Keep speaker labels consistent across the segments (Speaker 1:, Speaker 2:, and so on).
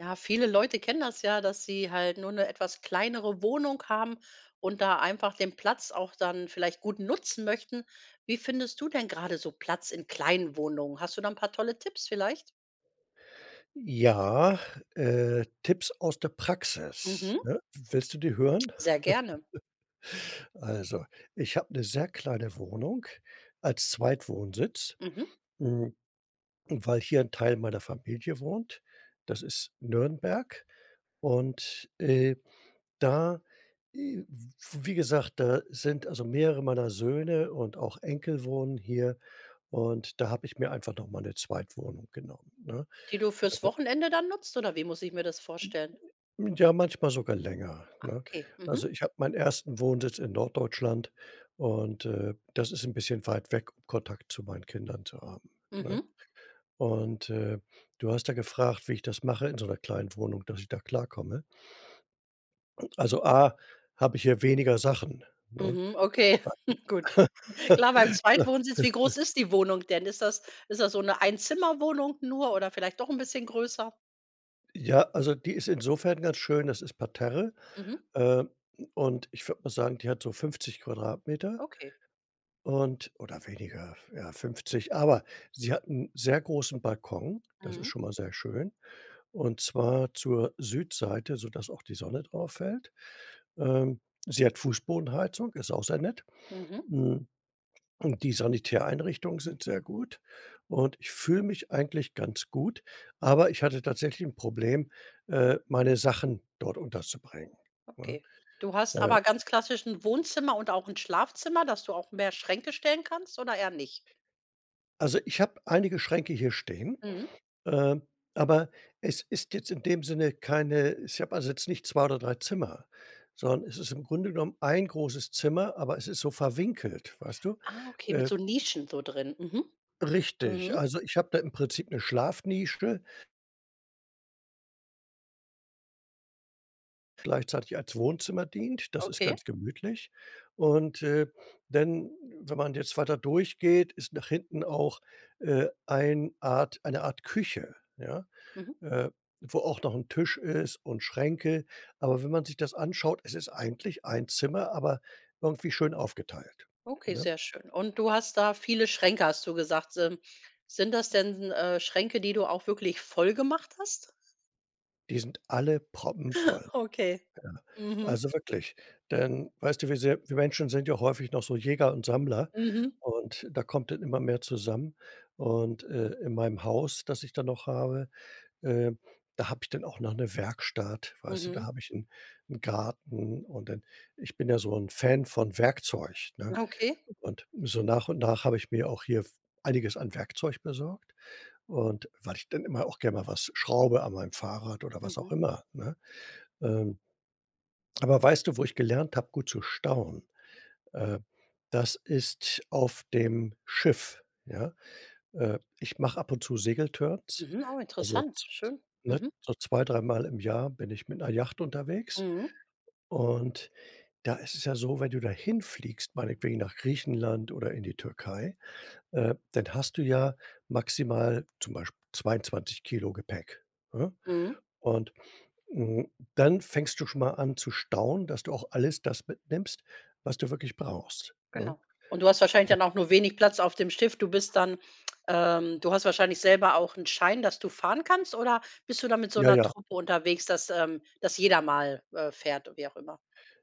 Speaker 1: Ja, viele Leute kennen das ja, dass sie halt nur 'ne etwas kleinere Wohnung haben und da einfach den Platz auch dann vielleicht gut nutzen möchten. Wie findest du denn grade so Platz in kleinen Wohnungen? Hast du da 'n paar tolle Tipps vielleicht?
Speaker 2: Ja, äh, Tipps aus der Praxis,
Speaker 1: Mhm.
Speaker 2: ne? W willst du die hören?
Speaker 1: Sehr gerne.
Speaker 2: Also, ich habe 'ne sehr kleine Wohnung als Zweitwohnsitz,
Speaker 1: Mhm.
Speaker 2: hm, weil hier 'n Teil meiner Familie wohnt. Das ist Nürnberg. Und, äh, da, äh w wie gesagt, da sind also mehrere meiner Söhne und auch Enkel wohnen hier. Und da habe ich mir einfach noch mal 'ne Zweitwohnung genommen, ne?
Speaker 1: Die du fürs
Speaker 2: [unintelligible]
Speaker 1: Wochenende dann nutzt oder wie muss ich mir das vorstellen?
Speaker 2: Hm, ja, manchmal sogar länger,
Speaker 1: Ah,
Speaker 2: ne?
Speaker 1: okay. Mhm.
Speaker 2: Also, ich habe meinen 1. Wohnsitz in Norddeutschland und, äh, das ist 'n bisschen weit weg, um Kontakt zu meinen Kindern zu haben, ne?
Speaker 1: Mhm.
Speaker 2: Und, äh, du hast ja gefragt, wie ich das mache in so 'ner kleinen Wohnung, dass ich da klarkomme. Also, A, hab ich hier weniger Sachen, ne?
Speaker 1: Mhm, okay. Gut.
Speaker 2: [unintelligible]
Speaker 1: Klar beim Zweitwohnsitz. Wie groß ist die Wohnung denn? Ist das ist das so 'ne Einzimmerwohnung nur oder vielleicht doch 'n bisschen größer?
Speaker 2: Ja, also, die ist insofern ganz schön, das ist Parterre.
Speaker 1: Mhm.
Speaker 2: Äh, und ich würde mal sagen, die hat so 50 Quadratmeter.
Speaker 1: Okay.
Speaker 2: Und oder weniger, ja, 50. Aber sie hat 'n sehr großen Balkon, das ist
Speaker 1: Mhm.
Speaker 2: schon mal sehr schön. Und zwar zur Südseite, sodass auch die Sonne drauf fällt. Äh, sie hat Fußbodenheizung, ist auch sehr nett.
Speaker 1: Mhm.
Speaker 2: Hm, und die Sanitäreinrichtungen sind sehr gut. Und ich fühle mich eigentlich ganz gut, aber ich hatte tatsächlich 'n Problem, äh, meine Sachen dort unterzubringen, ne,
Speaker 1: Okay. Du hast
Speaker 2: äh.
Speaker 1: aber ganz klassisch 'n Wohnzimmer und auch 'n Schlafzimmer, dass du auch mehr Schränke stellen kannst oder eher nicht?
Speaker 2: Also, ich habe einige Schränke hier stehen,
Speaker 1: Mhm.
Speaker 2: äh, aber es ist jetzt in dem Sinne keine ich habe also, jetzt nicht 2 oder 3 Zimmer, sondern es ist im Grunde genommen, 1 großes Zimmer, aber es ist so verwinkelt, weißt du,
Speaker 1: Ah, okay, mit
Speaker 2: äh.
Speaker 1: so Nischen so drin. Mhm.
Speaker 2: Richtig,
Speaker 1: Mhm.
Speaker 2: also, ich habe da im Prinzip 'ne Schlafnische gleichzeitig als Wohnzimmer dient, das ist
Speaker 1: Okay.
Speaker 2: ganz gemütlich. Und, äh, wenn wenn man jetzt weiter durchgeht, ist nach hinten auch, äh, ein Art eine Art Küche, ja,
Speaker 1: Mhm.
Speaker 2: äh, wo auch noch 'n Tisch ist und Schränke. Aber wenn man sich das anschaut, es ist eigentlich 1 Zimmer, aber irgendwie schön aufgeteilt,
Speaker 1: Okay,
Speaker 2: ne?
Speaker 1: sehr schön. Und du hast da viele Schränke, hast du gesagt. Sin sind das denn, äh, Schränke, die du auch wirklich voll gemacht hast?
Speaker 2: Die sind alle proppenvoll.
Speaker 1: Okay,
Speaker 2: Ja,
Speaker 1: mhm.
Speaker 2: also, wirklich, denn, weißt du, wie sehr Wir Menschen sind ja häufig noch so Jäger und Sammler
Speaker 1: Mhm.
Speaker 2: und da kommt dann immer mehr zusammen. Und, äh, in meinem Haus, das ich dann noch habe, äh, da habe ich dann auch noch 'ne Werkstatt, weißt du? Da
Speaker 1: Mhm.
Speaker 2: habe ich 'n 'n Garten und dann ich bin ja so 'n Fan von Werkzeug, ne?
Speaker 1: Okay.
Speaker 2: Und so nach und nach habe ich mir auch hier f einiges an Werkzeug besorgt. Und weil ich dann immer auch gern mal was schraube an meinem Fahrrad oder was auch
Speaker 1: Mhm.
Speaker 2: immer, ne? Ähm, aber weißt du, wo ich gelernt habe, gut zu stauen? Äh, das ist auf dem Schiff, ja? Äh, ich mache ab und zu Segeltörns,
Speaker 1: Mhm, oh,
Speaker 2: also,
Speaker 1: interessant,
Speaker 2: z z
Speaker 1: schön.
Speaker 2: ne,
Speaker 1: Mhm.
Speaker 2: so zwei dreimal im Jahr bin ich mit 'ner Yacht unterwegs.
Speaker 1: Mhm.
Speaker 2: Und da ist es ja so, wenn du da hinfliegst, meinetwegen nach Griechenland oder in die Türkei, äh, dann hast du ja maximal zum Beispiel 22 Kilo Gepäck, ne?
Speaker 1: Mhm.
Speaker 2: Und, hm, dann fängst du schon mal an zu stauen, dass du auch alles das mitnimmst, was du wirklich brauchst, ne?
Speaker 1: Genau, und du hast wahrscheinlich dann auch nur wenig Platz auf dem Schiff. Du bist dann, ähm du hast wahrscheinlich selber auch 'n Schein, dass du fahren kannst oder bist du da mit so
Speaker 2: Ja,
Speaker 1: 'ner
Speaker 2: ja.
Speaker 1: Truppe unterwegs, dass, ähm dass jeder mal, äh, fährt u wie auch immer,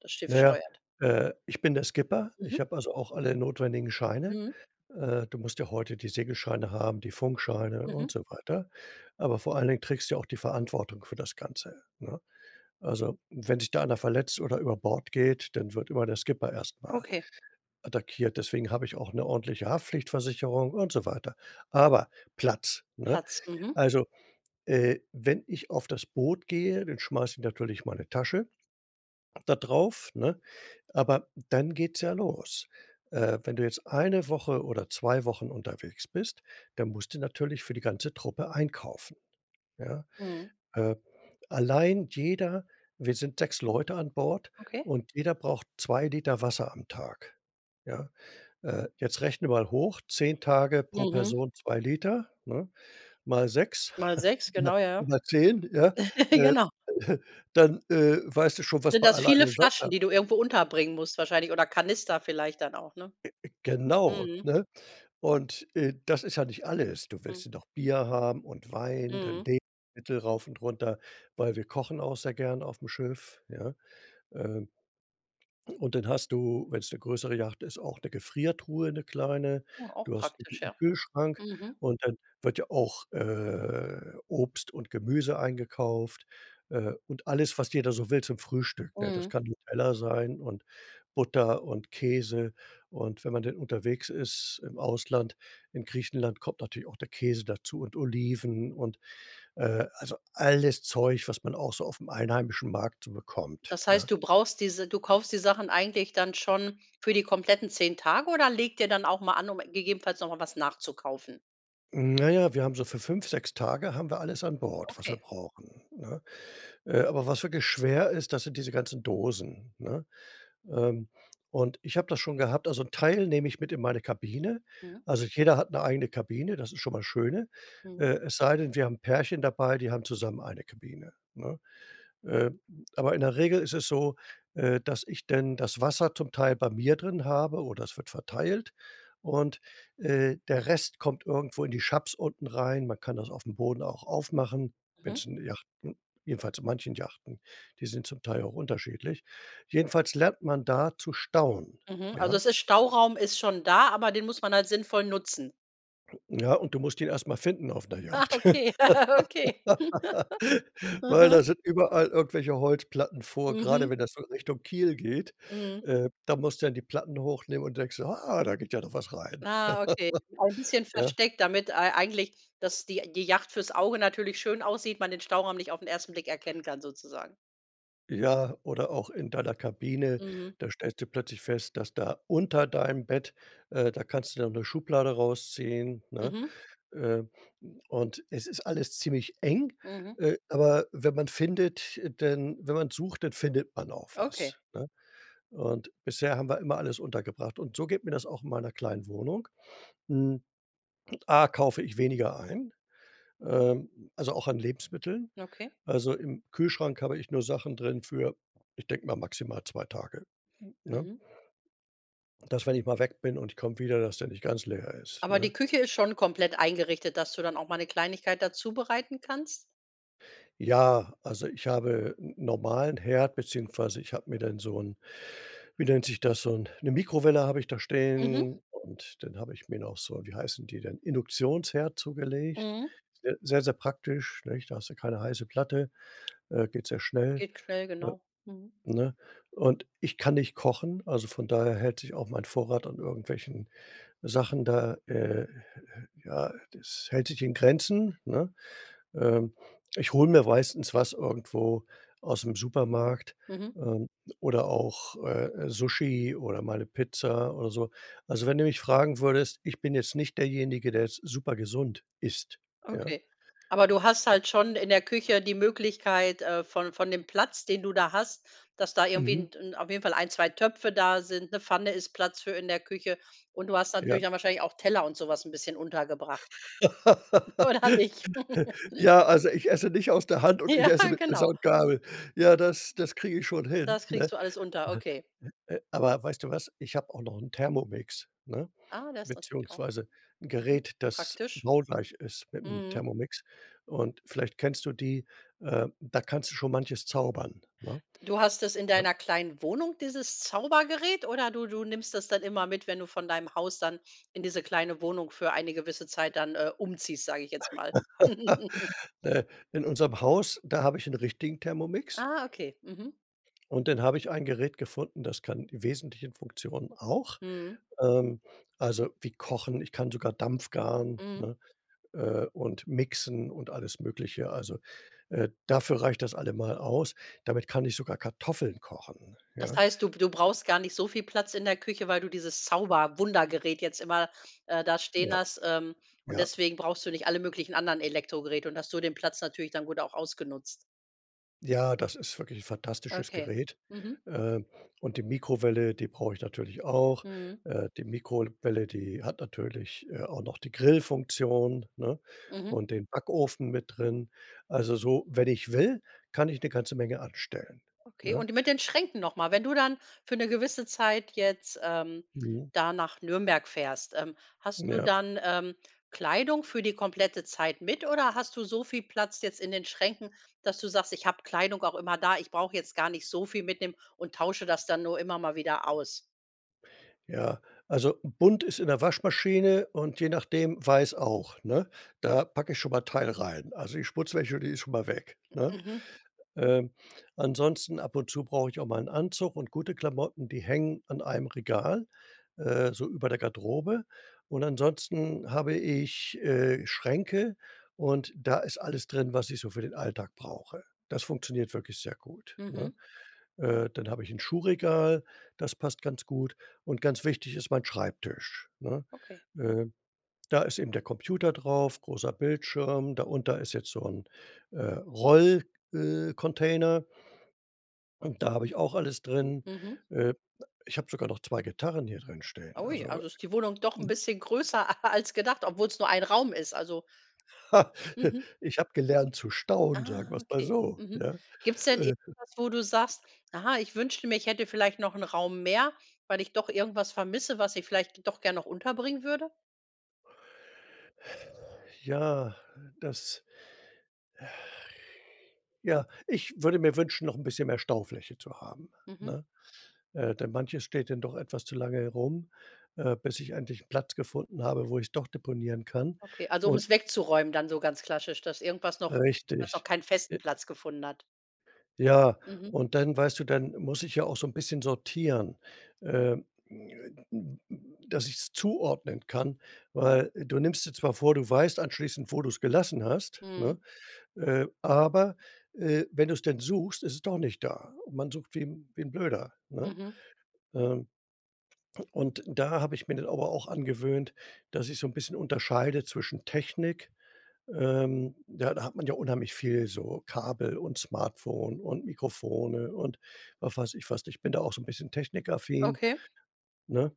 Speaker 1: das Schiff
Speaker 2: Na, ja,
Speaker 1: steuert?
Speaker 2: äh, ich bin der Skipper. Ich
Speaker 1: Mhm.
Speaker 2: habe, also, auch alle notwendigen Scheine.
Speaker 1: Mhm.
Speaker 2: Äh, du musst ja heute die Segelscheine haben, die Funkscheine und
Speaker 1: Mhm.
Speaker 2: so weiter. Aber vor allen Dingen trägst du auch die Verantwortung für das Ganze, ne? Also, wenn sich da einer verletzt oder über Bord geht, dann wird immer der Skipper erst mal
Speaker 1: Okay.
Speaker 2: attackiert. Deswegen habe ich auch 'ne ordentliche Haftpflichtversicherung und so weiter. Aber Platz, ne?
Speaker 1: Platz, mhm.
Speaker 2: Also, äh, wenn ich auf das Boot gehe, dann schmeiß ich natürlich meine Tasche da drauf, ne? Aber dann geht's ja los. Äh, wenn du jetzt eine Woche oder 2 Wochen unterwegs bist, dann musst du natürlich für die ganze Truppe einkaufen, ja?
Speaker 1: Mhm.
Speaker 2: Äh, allein jeder wir sind 6 Leute an Bord
Speaker 1: Okay.
Speaker 2: und jeder braucht 2 Liter Wasser am Tag, ja. Äh, jetzt rechnen wir mal hoch, 10 Tage pro
Speaker 1: Mhm.
Speaker 2: Person 2 Liter, ne? Mal 6,
Speaker 1: Mal 6, genau, ja.
Speaker 2: m mal 10, ja. Äh,
Speaker 1: Genau.
Speaker 2: dann, äh, weißt du
Speaker 1: S
Speaker 2: schon, was
Speaker 1: sind
Speaker 2: man
Speaker 1: das
Speaker 2: alleine
Speaker 1: viele
Speaker 2: an
Speaker 1: Flaschen,
Speaker 2: Wasser
Speaker 1: die du irgendwo unterbringen musst wahrscheinlich oder Kanister vielleicht dann auch, ne?
Speaker 2: Äh, äh, genau,
Speaker 1: Mhm.
Speaker 2: ne? Und, äh, das ist ja nicht alles. Du
Speaker 1: Mhm.
Speaker 2: willst ja noch Bier haben und Wein, dann
Speaker 1: Mhm.
Speaker 2: Lebensmittel rauf und runter, weil wir kochen auch sehr gern auf'm Schiff, ja. Ähm, und dann hast du, wenn's 'ne größere Yacht ist, auch 'ne Gefriertruhe, 'ne kleine.
Speaker 1: Mhm, auch
Speaker 2: Du hast
Speaker 1: praktisch,
Speaker 2: 'n
Speaker 1: ja.
Speaker 2: Kühlschrank
Speaker 1: Mhm.
Speaker 2: und dann wird ja auch, äh, Obst und Gemüse eingekauft, äh, und alles, was jeder so will zum Frühstück, ne? Das
Speaker 1: Mhm.
Speaker 2: kann Nutella sein und Butter und Käse. Und wenn man denn unterwegs ist im Ausland, in Griechenland, kommt natürlich auch der Käse dazu und Oliven und, äh, also, alles Zeug, was man auch so auf'm einheimischen Markt so bekommt,
Speaker 1: Das
Speaker 2: ne?
Speaker 1: heißt, du brauchst diese du kaufst die Sachen eigentlich dann schon für die kompletten 10 Tage oder legt ihr dann auch mal an, um gegebenenfalls noch mal was nachzukaufen?
Speaker 2: Hm, na ja, wir haben so für 5, 6 Tage haben wir alles an Bord, was wir
Speaker 1: Okay.
Speaker 2: brauchen, ne? Äh, aber was wirklich schwer ist, das sind diese ganzen Dosen, ne? Ähm, und ich habe das schon gehabt. Also, 'n Teil nehme ich mit in meine Kabine.
Speaker 1: Mhm.
Speaker 2: Also, jeder hat 'ne eigene Kabine, das ist schon mal das Schöne.
Speaker 1: Mhm.
Speaker 2: Äh, es sei denn, wir haben Pärchen dabei, die haben zusammen eine Kabine, ne? Äh, aber in der Regel ist es so, äh, dass ich denn das Wasser zum Teil bei mir drin habe oder es wird verteilt. Und, äh, der Rest kommt irgendwo in die [unintelligible] unten rein. Man kann das auf'm Boden auch aufmachen,
Speaker 1: Mhm.
Speaker 2: wenn's in Yachten jedenfalls in manchen Yachten, die sind zum Teil auch unterschiedlich. Jedenfalls lernt man da zu stauen,
Speaker 1: Mhm. Also,
Speaker 2: ja?
Speaker 1: es ist Stauraum ist schon da, aber den muss man halt sinnvoll nutzen.
Speaker 2: Ja, und du musst ihn erst mal finden auf 'ner
Speaker 1: Ah,
Speaker 2: Yacht,
Speaker 1: okay, okay.
Speaker 2: weil
Speaker 1: Mhm.
Speaker 2: da sind überall irgendwelche Holzplatten vor, grade
Speaker 1: Mhm.
Speaker 2: wenn das so Richtung Kiel geht,
Speaker 1: Mhm.
Speaker 2: äh, da musst du dann die Platten hochnehmen und denkst so: „Ah, da geht ja doch was rein.“
Speaker 1: Ah. Okay. Ein bisschen
Speaker 2: Ja.
Speaker 1: versteckt, damit ei eigentlich, dass die die Yacht fürs Auge natürlich schön aussieht, man den Stauraum nicht auf 'n 1. Blick erkennen kann sozusagen.
Speaker 2: Ja, oder auch in deiner Kabine,
Speaker 1: Mhm.
Speaker 2: da stellst du plötzlich fest, dass da unter deinem Bett äh, da kannst du dann 'ne Schublade rausziehen, ne?
Speaker 1: Mhm.
Speaker 2: Äh, und es ist alles ziemlich eng,
Speaker 1: Mhm.
Speaker 2: äh, aber wenn man findet denn wenn man sucht, dann findet man auch
Speaker 1: Okay.
Speaker 2: was, ne? Und bisher haben wir immer alles untergebracht. Und so geht mir das auch in meiner kleinen Wohnung. Hm. A, kaufe ich weniger ein, äh, also, auch an Lebensmitteln.
Speaker 1: Okay.
Speaker 2: Also, im Kühlschrank habe ich nur Sachen drin für, ich denke mal, maximal 2 Tage, n ne?
Speaker 1: Mhm.
Speaker 2: Dass wenn ich mal weg bin und ich komme wieder, dass der nicht ganz leer ist,
Speaker 1: Aber
Speaker 2: ne?
Speaker 1: die Küche ist schon komplett eingerichtet, dass du dann auch mal 'ne Kleinigkeit da zubereiten kannst?
Speaker 2: Ja, also, ich habe 'n normalen Herd, beziehungsweise ich habe mir dann so 'n, wie nennt sich das, so 'n 'ne Mikrowelle habe ich da
Speaker 1: Mhm.
Speaker 2: stehen. Und dann habe ich mir noch so, wie heißen die denn, Induktionsherd zugelegt.
Speaker 1: Mhm.
Speaker 2: Sehr sehr, sehr praktisch, nicht. Da hast du keine heiße Platte, äh, geht sehr schnell,
Speaker 1: Geht schnell,
Speaker 2: äh,
Speaker 1: genau, mhm.
Speaker 2: ne? Und ich kann nicht kochen, also, von daher hält sich auch mein Vorrat an irgendwelchen Sachen da, äh, äh ja, das hält sich in Grenzen, ne? Ähm, ich hole mir meistens was irgendwo aus'm Supermarkt,
Speaker 1: Mhm.
Speaker 2: ähm, oder auch, äh, äh, Sushi oder mal 'ne Pizza oder so. Also, wenn du mich fragen würdest, ich bin jetzt nicht derjenige, der jetzt supergesund isst, ja?
Speaker 1: Okay, aber du hast halt schon in der Küche die Möglichkeit, äh, von von dem Platz, den du da hast, dass da irgendwie
Speaker 2: Mhm.
Speaker 1: 'n 'n auf jeden Fall 1, 2 Töpfe da sind, 'ne Pfanne ist Platz für in der Küche. Und du hast
Speaker 2: Ja.
Speaker 1: natürlich dann wahrscheinlich auch Teller und so was 'n bisschen untergebracht. Oder nicht?
Speaker 2: Ja, also, ich esse nicht aus der Hand und ich
Speaker 1: Ja,
Speaker 2: esse mit Messer
Speaker 1: genau.
Speaker 2: und Gabel. Ja, das das kriege ich schon hin,
Speaker 1: Das kriegst
Speaker 2: ne?
Speaker 1: du alles unter,
Speaker 2: Ne
Speaker 1: okay.
Speaker 2: ne äh, aber, weißt du was, ich habe auch noch 'n Thermomix, ne?
Speaker 1: Ah, der ist natürlich auch,
Speaker 2: Beziehungsweise 'n
Speaker 1: mhm,
Speaker 2: Gerät, das
Speaker 1: praktisch,
Speaker 2: baugleich ist mit dem
Speaker 1: mhm.
Speaker 2: Thermomix. Und vielleicht kennst du die, äh, da kannst du schon manches zaubern, ne,
Speaker 1: Du hast es in
Speaker 2: ne?
Speaker 1: deiner kleinen Wohnung, dieses Zaubergerät, oder du du nimmst das dann immer mit, wenn du von deinem Haus dann in diese kleine Wohnung für eine gewisse Zeit dann, äh, umziehst, sage ich jetzt mal?
Speaker 2: Äh, in unserem Haus, da habe ich 'n richtigen Thermomix.
Speaker 1: Ah, okay, mhm.
Speaker 2: Und dann habe ich ein Gerät gefunden, das kann die wesentlichen Funktionen auch.
Speaker 1: Mhm.
Speaker 2: Ähm, also, wie kochen, ich kann sogar dampfgaren,
Speaker 1: Mhm.
Speaker 2: ne? Äh, und mixen und alles Mögliche. Also, äh, dafür reicht das allemal aus. Damit kann ich sogar Kartoffeln kochen,
Speaker 1: Das
Speaker 2: ja?
Speaker 1: heißt, du b du brauchst gar nicht so viel Platz in der Küche, weil du dieses Zauber-Wunder-Gerät jetzt immer, äh, da stehen
Speaker 2: Ja.
Speaker 1: hast. Ähm, und
Speaker 2: Ja.
Speaker 1: deswegen brauchst du nicht alle möglichen anderen Elektrogeräte und hast so den Platz natürlich dann gut auch ausgenutzt.
Speaker 2: Ja, das ist wirklich fantastisches
Speaker 1: Okay,
Speaker 2: Gerät.
Speaker 1: mhm.
Speaker 2: Ähm, und die Mikrowelle, die brauche ich natürlich auch.
Speaker 1: Mhm.
Speaker 2: Äh, die Mikrol welle, die hat natürlich, äh, auch noch die Grillfunktion, ne,
Speaker 1: Mhm.
Speaker 2: und den Backofen mit drin. Also, so, wenn ich will, kann ich 'ne ganze Menge anstellen,
Speaker 1: Okay
Speaker 2: ne?
Speaker 1: und d mit den Schränken noch mal. Wenn du dann für 'ne gewisse Zeit jetzt, ähm,
Speaker 2: Mhm.
Speaker 1: da nach Nürnberg fährst, ähm, hast du
Speaker 2: Ja.
Speaker 1: dann, ähm, Kleidung für die komplette Zeit mit oder hast du so viel Platz jetzt in den Schränken, dass du sagst: „Ich habe Kleidung auch immer da. Ich brauche jetzt gar nicht so viel mitnehmen und tausche das dann nur immer mal wieder aus?“
Speaker 2: Ja, also, bunt ist in der Waschmaschine und je nachdem, weiß auch, ne? Da packe ich schon mal 'n Teil rein. Also, die Schmutzwäsche, die ist schon mal weg, ne?
Speaker 1: Mhm.
Speaker 2: Ähm, ansonsten, ab und zu brauche ich auch mal 'n Anzug und gute Klamotten. Die hängen an einem Regal, äh, so über der Garderobe. Und ansonsten habe ich, äh, Schränke und da ist alles drin, was ich so für den Alltag brauche. Das funktioniert wirklich sehr gut, ne?
Speaker 1: Mhm.
Speaker 2: Äh, dann habe ich 'n Schuhregal, das passt ganz gut. Und ganz wichtig ist mein Schreibtisch, ne?
Speaker 1: Okay.
Speaker 2: Äh, da ist eben der Computer drauf, großer Bildschirm. Da unter ist jetzt so 'n, äh, Roll äh, Container Und da habe ich auch alles drin.
Speaker 1: Mhm.
Speaker 2: Äh, ich habe sogar noch 2 Gitarren hier drin stehen,
Speaker 1: Ui,
Speaker 2: also
Speaker 1: also, ist die Wohnung doch 'n
Speaker 2: ne?
Speaker 1: bisschen größer a als gedacht, obwohl's nur ein Raum ist, also.
Speaker 2: Ich habe gelernt zu staunen,
Speaker 1: Ah,
Speaker 2: sagen wir's mal
Speaker 1: okay,
Speaker 2: so,
Speaker 1: mhm.
Speaker 2: ja,
Speaker 1: Gibt's denn
Speaker 2: äh
Speaker 1: irgendwas, wo du sagst: „Ah, ich wünschte mir, ich hätte vielleicht noch 'n Raum mehr, weil ich doch irgendwas vermisse, was ich vielleicht doch gern noch unterbringen würde?“
Speaker 2: Ja, das ja, ich würde mir wünschen, noch 'n bisschen mehr Staufläche zu haben,
Speaker 1: Mhm.
Speaker 2: ne? Äh, denn manches steht dann doch etwas zu lange rum, äh, bis ich endlich 'n Platz gefunden habe, wo ich es doch deponieren kann
Speaker 1: Okay, also, um
Speaker 2: und
Speaker 1: es wegzuräumen dann so ganz klassisch, dass irgendwas noch was noch
Speaker 2: Richtig,
Speaker 1: keinen festen
Speaker 2: äh.
Speaker 1: Platz gefunden hat.
Speaker 2: Ja,
Speaker 1: Mhm.
Speaker 2: und dann, weißt du dann muss ich ja auch so 'n bisschen sortieren. Ähm, dass ich es zuordnen kann. Weil du nimmst dir zwar vor, du weißt anschließend, wo du's gelassen hast,
Speaker 1: Mhm.
Speaker 2: ne, äh, aber, äh, wenn du's dann suchst, ist es doch nicht da. Und man sucht wie wie 'n Blöder, ne?
Speaker 1: Mhm.
Speaker 2: Ähm und da habe ich mir das aber auch angewöhnt, dass ich so 'n bisschen unterscheide zwischen Technik, ähm, ja, da hat man ja unheimlich viel so Kabel und Smartphone und Mikrofone und, ach, weiß ich was, ich bin da auch so 'n bisschen technikaffin,
Speaker 1: Okay.
Speaker 2: ne,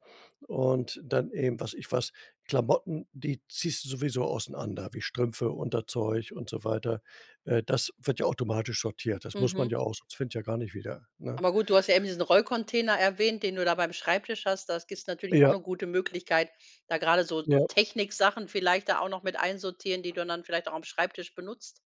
Speaker 2: und dann eben, weiß ich was Klamotten, die ziehst du sowieso auseinander wie Strümpfe, Unterzeug und so weiter. Äh, das wird ja automatisch sortiert. Das muss man
Speaker 1: Mhm.
Speaker 2: ja auch, sonst finde ja gar nicht wieder, ne?
Speaker 1: Aber gut, du hast ja eben diesen Rollcontainer erwähnt, den du da beim Schreibtisch hast. Das gibt natürlich auch
Speaker 2: Ja.
Speaker 1: 'ne gute Möglichkeit, da grade so so
Speaker 2: Ja.
Speaker 1: Techniksachen vielleicht da auch noch mit einsortieren, die du dann vielleicht auch am Schreibtisch benutzt.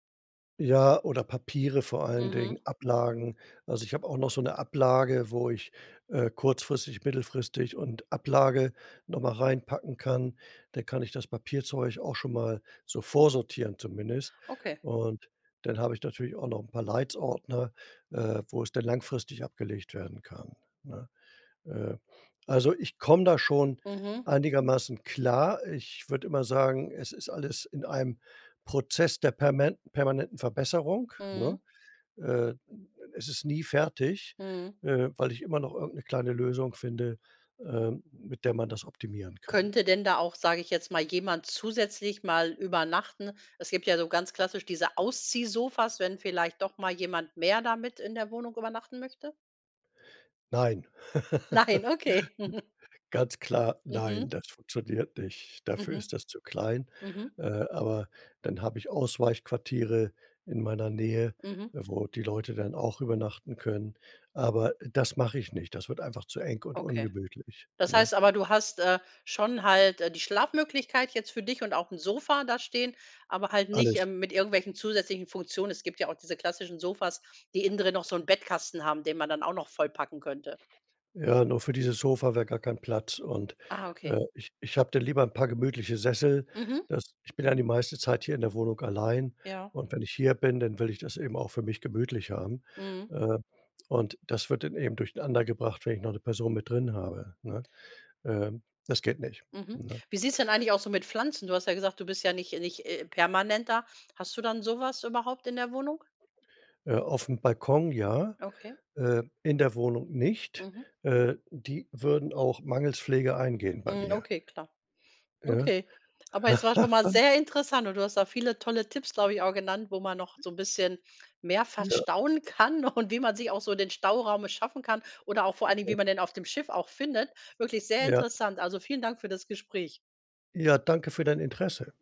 Speaker 2: Ja, oder Papiere vor allen Dingen,
Speaker 1: Mhm.
Speaker 2: Ablagen. Also, ich habe auch noch so 'ne Ablage, wo ich, äh, kurzfristig, mittelfristig und Ablage noch mal reinpacken kann. Da kann ich das Papierzeug auch schon mal so vorsortieren zumindest.
Speaker 1: Okay.
Speaker 2: Und dann habe ich natürlich auch noch 'n paar „Leitz“-Ordner, äh, wo es dann langfristig abgelegt werden kann, ne? Äh, also, ich komme da schon
Speaker 1: Mhm.
Speaker 2: einigermaßen klar. Ich würde immer sagen, es ist alles in einem Prozess der permen permanenten Verbesserung,
Speaker 1: Mhm.
Speaker 2: ne? Äh, es ist nie fertig,
Speaker 1: Mhm.
Speaker 2: äh, weil ich immer noch irgend 'ne kleine Lösung finde, ähm, mit der man das optimieren kann.
Speaker 1: Könnte denn da auch, sage ich jetzt mal, jemand zusätzlich mal übernachten? Es gibt ja so ganz klassisch diese Ausziehsofas, wenn vielleicht doch mal jemand mehr da mit in der Wohnung übernachten möchte.
Speaker 2: Nein.
Speaker 1: Nein, okay.
Speaker 2: Ganz klar,
Speaker 1: Mhm.
Speaker 2: nein, das funktioniert nicht. Dafür
Speaker 1: Mhm,
Speaker 2: ist das zu klein.
Speaker 1: mhm.
Speaker 2: Äh, aber dann habe ich Ausweichquartiere in meiner Nähe,
Speaker 1: Mhm.
Speaker 2: äh, wo die Leute dann auch übernachten können. Aber das mache ich nicht. Das wird einfach zu eng und
Speaker 1: Okay.
Speaker 2: ungemütlich,
Speaker 1: Das
Speaker 2: ne?
Speaker 1: heißt aber, du hast, äh, schon halt, äh, die Schlafmöglichkeit jetzt für dich und auch 'n Sofa da stehen, aber halt nicht,
Speaker 2: Alles.
Speaker 1: ähm, mit irgendwelchen zusätzlichen Funktionen. Es gibt ja auch diese klassischen Sofas, die innendrin noch so 'n Bettkasten haben, den man dann auch noch vollpacken könnte.
Speaker 2: Ja, nur für dieses Sofa wäre gar kein Platz und,
Speaker 1: Ah, okay.
Speaker 2: äh, ich ich habe dann lieber 'n paar gemütliche Sessel.
Speaker 1: Mhm.
Speaker 2: Das ich bin ja die meiste Zeit hier in der Wohnung allein
Speaker 1: Ja.
Speaker 2: und wenn ich hier bin, dann will ich das eben auch für mich gemütlich haben.
Speaker 1: Mhm.
Speaker 2: Äh, und das wird dann eben durcheinander gebracht, wenn ich noch 'ne Person mit drin habe, ne? Ähm, das geht nicht,
Speaker 1: Mhm,
Speaker 2: ne?
Speaker 1: wie sieht es denn eigentlich aus so mit Pflanzen? Du hast ja gesagt, du bist ja nicht nicht, äh, permanent da. Hast du dann sowas überhaupt in der Wohnung?
Speaker 2: Äh, auf'm Balkon ja,
Speaker 1: Okay.
Speaker 2: äh, in der Wohnung nicht.
Speaker 1: Mhm.
Speaker 2: Äh, die würden auch mangels Pflege eingehen bei
Speaker 1: Mhm,
Speaker 2: mir.
Speaker 1: okay, klar.
Speaker 2: Ja?
Speaker 1: Okay, aber es war schon mal sehr interessant und du hast da viele tolle Tipps, glaube ich, auch genannt, wo man noch so 'n bisschen mehr
Speaker 2: Ja.
Speaker 1: verstauen kann und wie man sich auch so den Stauraum erschaffen kann oder auch vor allen Dingen, wie
Speaker 2: [unintelligible]
Speaker 1: man den auf dem Schiff auch findet. Wirklich sehr
Speaker 2: Ja.
Speaker 1: interessant. Also, vielen Dank für das Gespräch.
Speaker 2: Ja, danke für dein Interesse.